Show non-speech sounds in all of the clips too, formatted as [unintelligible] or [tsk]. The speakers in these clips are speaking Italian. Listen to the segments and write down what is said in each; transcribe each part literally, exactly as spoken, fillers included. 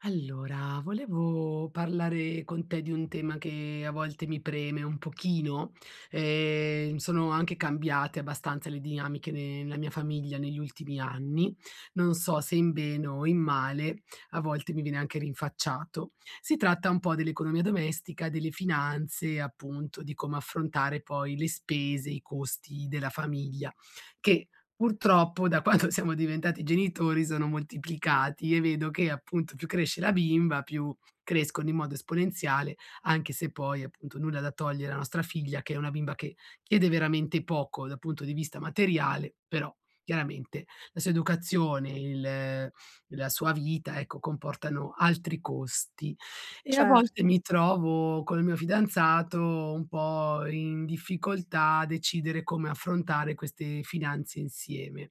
Allora, volevo parlare con te di un tema che a volte mi preme un pochino. Ehm, sono anche cambiate abbastanza le dinamiche ne nela mia famiglia negli ultimi anni, non so se in bene o in male, a volte mi viene anche rinfacciato. Si tratta un po' dell'economia domestica, delle finanze, appunto, di come affrontare poi le spese, i costi della famiglia, che purtroppo da quanto siamo diventati genitori sono moltiplicati. E vedo che, appunto, più cresce la bimba più crescono in modo esponenziale, anche se poi appunto nulla da togliere a nostra figlia che è una bimba che chiede veramente poco dal punto di vista materiale, però chiaramente la sua educazione, il la sua vita, ecco, comportano altri costi. E a volte Certo. mi trovo col mio fidanzato un po' in difficoltà a decidere come affrontare queste finanze insieme.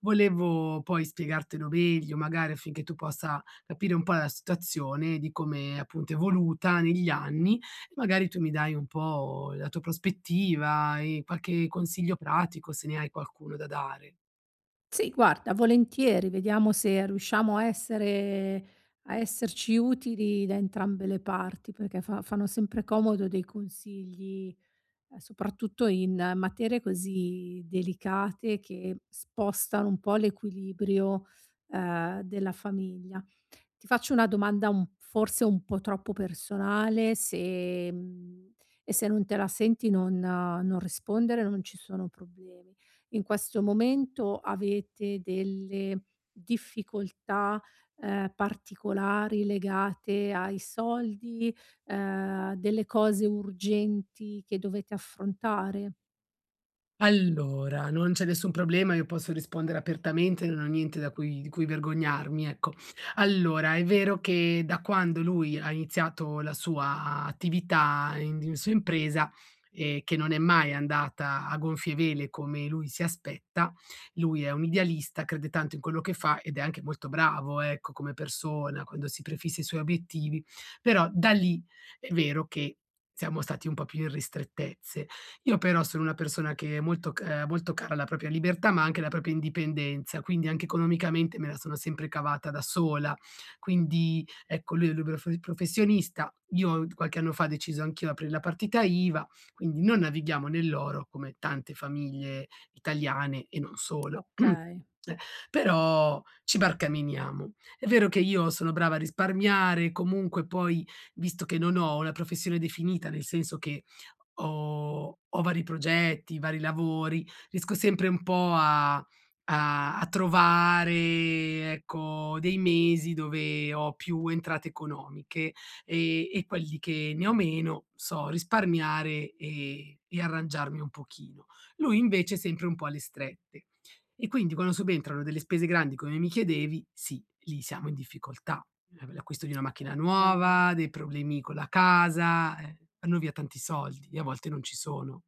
Volevo poi spiegartelo meglio, magari affinché tu possa capire un po' la situazione di come appunto è evoluta negli anni, magari tu mi dai un po' la tua prospettiva e qualche consiglio pratico, se ne hai qualcuno da dare. Sì, guarda, volentieri. Vediamo se riusciamo a essere a esserci utili da entrambe le parti, perché fa fanno sempre comodo dei consigli, ehm, soprattutto in materie così delicate che spostano un po' l'equilibrio, ehm, della famiglia. Ti faccio una domanda forse un po' troppo personale se, mhmm, e se non te la senti non non rispondere, non ci sono problemi. In questo momento avete delle difficoltà, ehm, particolari legate ai soldi, ehm, delle cose urgenti che dovete affrontare? Allora, non c'è nessun problema, io posso rispondere apertamente, non ho niente da cui di cui vergognarmi, ecco. Allora, è vero che da quando lui ha iniziato la sua attività [unintelligible] impresa, ehm, che non è mai andata a gonfie vele come lui si aspetta lui è un idealista, crede tanto in quello che fa ed è anche molto bravo, ecco, come persona, quando si prefissa i suoi obiettivi però da lì è vero che siamo stati un po' più in ristrettezze. Io però sono una persona che è molto c molto cara alla propria libertà, ma anche alla propria indipendenza, quindi anche economicamente me la sono sempre cavata da sola. Quindi, ecco, lui è luberof professionista. Io qualche anno fa ho deciso anch'io aprir la partita iva, quindi non navighiamo nell'oro, come tante famiglie italiane e non solo, [clears throat] Okay. però ci barcameniamo. È vero che io sono brava a risparmiare, comunque poi visto che non ho una professione definita, nel senso che ho ho vari progetti, vari lavori, riesco sempre un po' a a a trovare ecco dei mesi dove ho più entrate economiche, ehm, e quelli che ne ho meno, so risparmiare e e arrangiarmi un pochino. Lui invece è sempre un po' alle strette, e quindi quando subentrano delle spese grandi, come mi chiedevi, sì, lì siamo in difficoltà: la l'acquisto di una macchina Okay. nuova, dei problemi con la casa, eh vanno via tanti soldi e a volte non ci sono.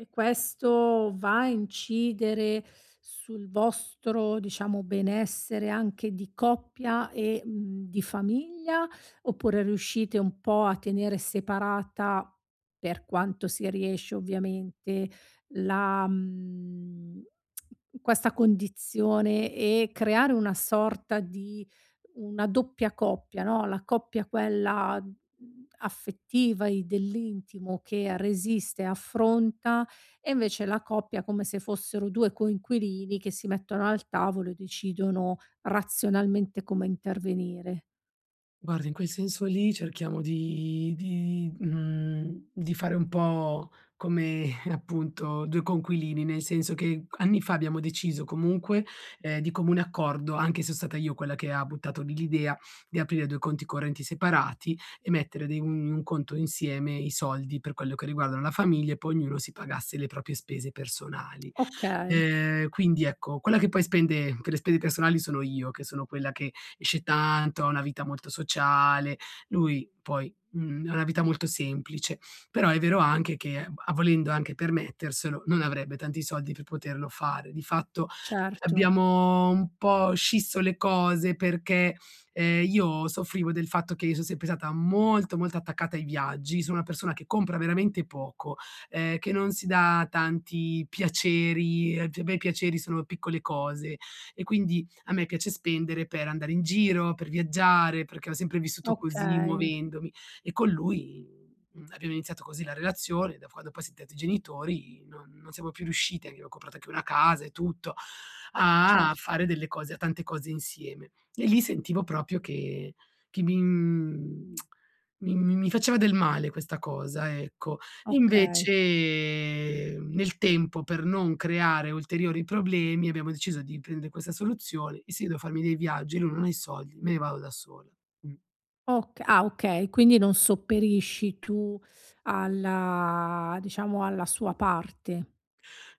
E questo va a incidere sul vostro, diciamo benessere, anche di coppia e di famiglia? Oppure riuscite un po' a tenere separata, per quanto si riesce ovviamente, la mhmm, questa condizione e creare una sorta di una doppia coppia, no, la coppia quella, mhmm, affettiva e dell'intimo che resiste e affronta e invece la coppia, come se fossero due coinquilini che si mettono al tavolo e decidono razionalmente come intervenire. Guarda, in quel senso lì, cerchiamo di di mhmm, di fare un po' come [chuckles] appunto due coinquilini, nel senso che c anni fa abbiamo deciso comunque, ehm, di comune accordo, anche se so stata io quella che ha buttato lì g idea, di aprire due conti correnti separati e mettere de un un conto insieme i soldi per quello che riguardano la famiglia, e poi ognuno si pagasse le propie spese personali. Okay. Ehm, quindi ecco, quella che poi spende per le spese personali sono io, che sono quella che esce tanto, ha una vita molto sociale; lui poi, mhmm, ha una vita molto semplice. Però è vero anche che, b a volendo anche permetterselo, non avrebbe tanti soldi per poterlo fare. Di fatto Certo. abbiamo un po' scisso le cose perché, ehm, io soffrivo del fatto che io son sempre stata molto molto attaccata ai viaggi, sono una persona che compra veramente poco, ehm, che non si da tanti piaceri, ehm, pe me i piaceri sono piccole cose e quindi a me piace spendere per andare in giro, per viaggiare, perché ho sempre vissuto così Okay. muovendomi, e con lui, mhmm, abbiamo iniziato così la relazione, da quando poi siam ntati genitori non non siamo più riusciti, abbiamo comprato anche una casa e tutto, Cer a fare delle cose, a tante cose insieme, e lì sentivo propio che che mi mhmm, [tsk] mi mi mi faceva del male questa cosa, ecco. Okay. Invece nel tempo per non creare ulteriori problemi abbiamo deciso di prende questa soluzione e se io devo farmi dei viaggi e lui non ha i soldi, me ne vado da sola, mh. Ok ah okay quindi non sopperisci tu alla diciamo alla sua parte.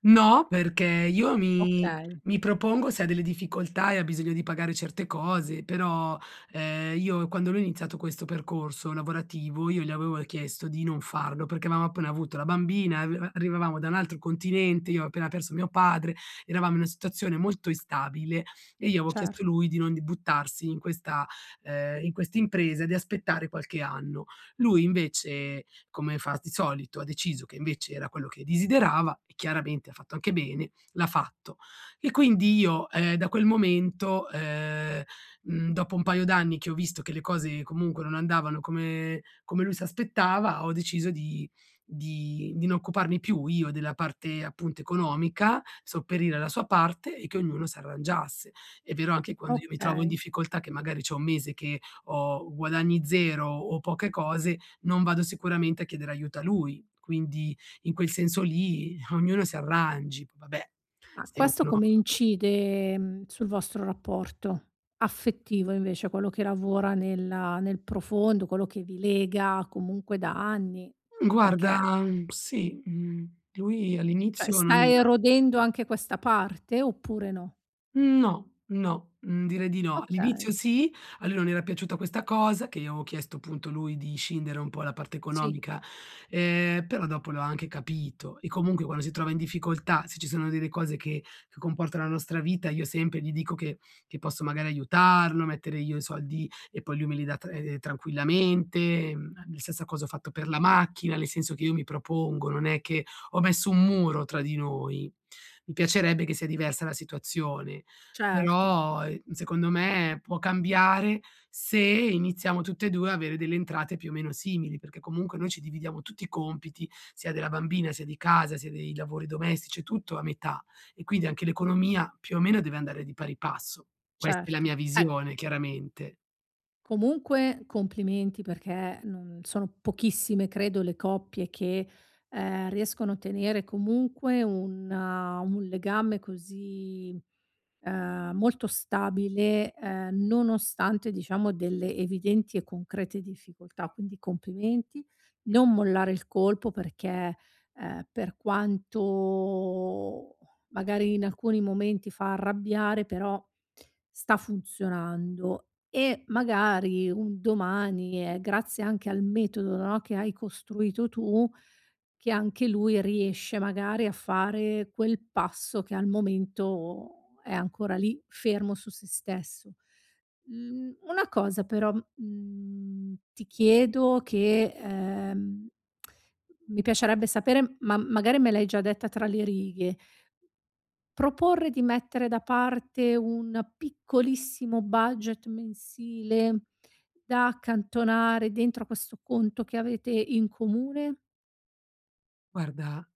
No, perché io mi Okay. mi propongo se ha delle difficoltà e ha bisogno di pagare certe cose, però, ehm, io quando lui ha iniziato questo percorso lavorativo, io gli avevo chiesto di non farlo perché avevamo appena avuto la bambina, e arriva arrivavamo da un altro continente, io ho appena perso mio padre, eravamo in una situazione molto instabile e io avevo chiesto Cert lui di non buttarsi in questa, ehm, in questa impresa, di aspettare qualche anno. Lui invece, come fa di solito, ha deciso che invece era quello che desiderava e chiaramente ha fatto anche bene, l'ha fatto. E quindi io, ehm, da quel momento, ehm, mhmm, dopo un paio d'anni che ho visto che le cose comunque non andavano come come lui si aspettava, ho deciso di di non occuparmi più io della parte appunto economica, sopperire alla sua parte e che ognuno s'arrangiasse. È vero anche quando, io mi trovo in Okay. difficoltà che magari c'ho un mese che ho guadagni zero o poche cose non vado sicuramente a chiedere aiuto a lui. Quindi in quel senso lì, ehm, ognuno si arrangi. Vabbè Ma se questo uno come [unintelligible] incide, ehm, sul vostro rapporto, affettivo invece, quello che lavora nella nel profondo, quello che vi lega comunque da anni? Guarda Perché mhmm, sì, mhmm. Lui ceh all'inizio non stai erodendo anche questa parte oppure no? No, no. Mhmm direi di no. All'inizio Okay. sì, a lui non era piaciuta questa cosa, che io avevo chiesto punto lui di scindere un po' la parte Sì. economica, ehm, però dopo lo ha anche capito. E comunque quando si trova in difficoltà, se ci sono delle cose che che comportano la nostra vita, io sempre gli dico che che posso magari aiutarlo, mettere io i soldi, e poi lui me li dà tra tranquillamente, la stessa cosa ho fatto per la macchina, nel senso che io mi propongo, non è che ho messo un muro tra di noi. Mi piacerebbe che sia diversa la situazione, Certo. però secondo me può cambiare se iniziamo tutte e due ad avere delle entrate più o meno simili, perché comunque noi ci dividiamo tutti i compiti, sia della bambina, sia di casa, sia dei lavori domestici, tutto a metà, e quindi anche l'economia più o meno deve andare di pari passo. Questa è la Certo mia eh visione chiaramente. Comunque complimenti, perché, non sono pochissime credo le coppie che, ehm, riescono a tenere comunque un un legame così, ehm, molto stabile, ehm, nonostante diciamo delle evidenti e concrete difficoltà. Quindi complimenti, non mollare il colpo perché, ehm, per quanto, magari in alcuni momenti fa arrabbiare, però sta funzionando. E magari, un domani, e grazie anche al metodo no, che hai costruito tu, che anche lui riesce magari a fare quel passo che al momento è ancora lì, fermo su se stesso. Mhmm, una cosa però, mhmm, ti chiedo che, ehm, mi piacerebbe sapere, ma magari me l'hai già detta tra le righe proporre di mettere da parte un piccolissimo budget mensile, da accantonare dentro questo conto che avete in comune? Guarda,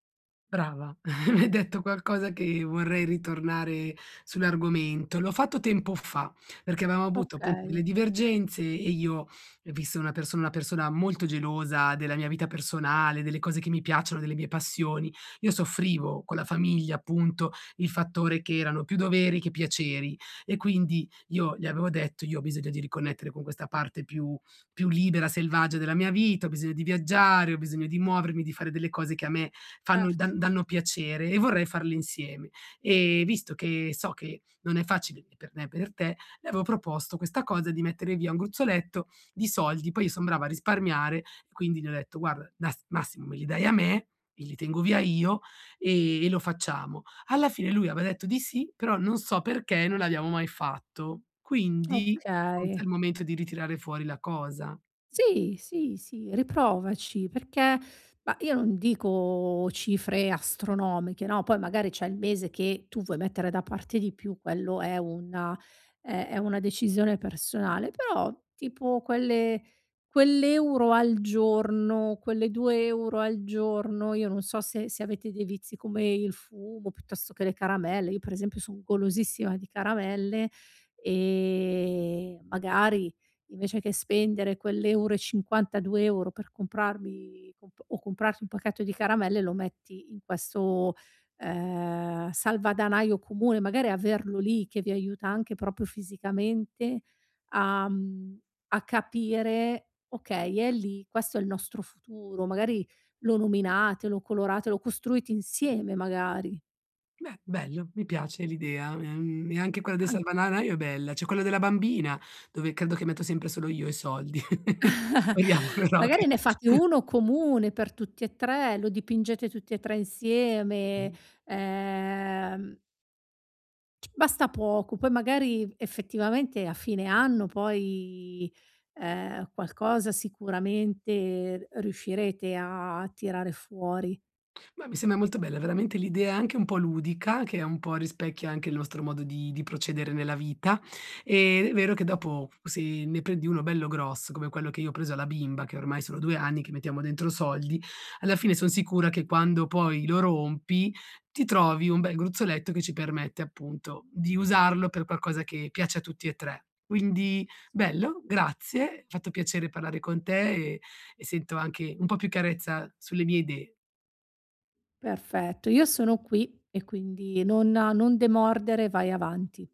brava, [chuckles] mi hai detto qualcosa che vorrei ritornare sull'argomento. L'ho fatto tempo fa, perché aveva avuto appunto delle Okay. divergenze e io, visto una persona una persona molto gelosa della mia vita personale, delle cose che mi piacciono, delle mie passioni, io soffrivo con la famiglia appunto il fattore che erano più doveri che piaceri; e quindi io gli avevo detto: "Io ho bisogno di riconnettere con questa parte più più libera, selvaggia della mia vita, ho bisogno di viaggiare, ho bisogno di muovermi, di fare delle cose che a me fanno da Certo. danno piacere e vorrei farle insieme. Ehm, visto che so che non è facile ne per me e per te", le avevo proposto questa cosa di mettere via un gruzzoletto di soldi, poi io sono brava a risparmiare, quindi gli ho detto: "Guarda nas massimo me li dai a me, e li tengo via io e e lo facciamo." Alla fine lui aveva detto di sì però non so perché, non l'abbiamo mai fatto; quindi forse è Okay. il momento di ritirare fuori la cosa. Sì, sì, sì riprovaci perché bah, io non dico cifre astronomiche, no, poi magari c'è il mese che tu vuoi mettere da parte di più, quello è una è è una decisione personale; però tipo quelle quell'euro al giorno, quelle due euro al giorno, io non so se se avete dei vizi come il fumo piuttosto che le caramelle- io per esempio son golosissima di caramelle- ehm, magari invece che spendere quell'euro e cinquantadue euro per comprarmi comp o comprarti un pacchetto di caramelle lo metti in questo, ehm, salvadanaio comune; magari averlo lì, che vi aiuta anche proprio fisicamente a, mhmm a capire: "Okay è lì, questo è il nostro futuro." Magari lo nominate, lo colorate, lo costruite insieme magari. Beh, bello, mi piace l'idea, ehm, e anche quella dei Ah. salvananaio è bella, c'è quello della bambina, dove credo che metto sempre solo io i soldi. [chuckles] [chuckles] [unintelligible] Magari ne fate [chuckles] uno comune per tutti e tre, lo dipingete tutti e tre insieme. Mh. Ehm c basta poco, poi magari, effettivamente, a fine anno poi, ehm, qualcosa sicuramente r riuscirete a tirare fuori. Beh, mi semba molto bella, veramente l'idea è anche un po' ludica, che è un po' rispecchia anche il nostro modo di di procedere nella vita. Ed è vero che dopo, se ne prendi uno bello grosso, come quello che io ho preso alla bimba, che ormai sono due anni che mettiamo dentro soldi, alla fine son sicura che quando poi, lo rompi, ti trovi un bel gruzzoletto che ci permette, appunto, di usarlo per qualcosa che piace a tutti e tre. Quindi, Sì. bello, grazie, fatto piacere parlare con te, e e sento anche un po' più carezza sulle mie idee. Perfetto, io sono qui e quindi nonna non demordere, vai avanti.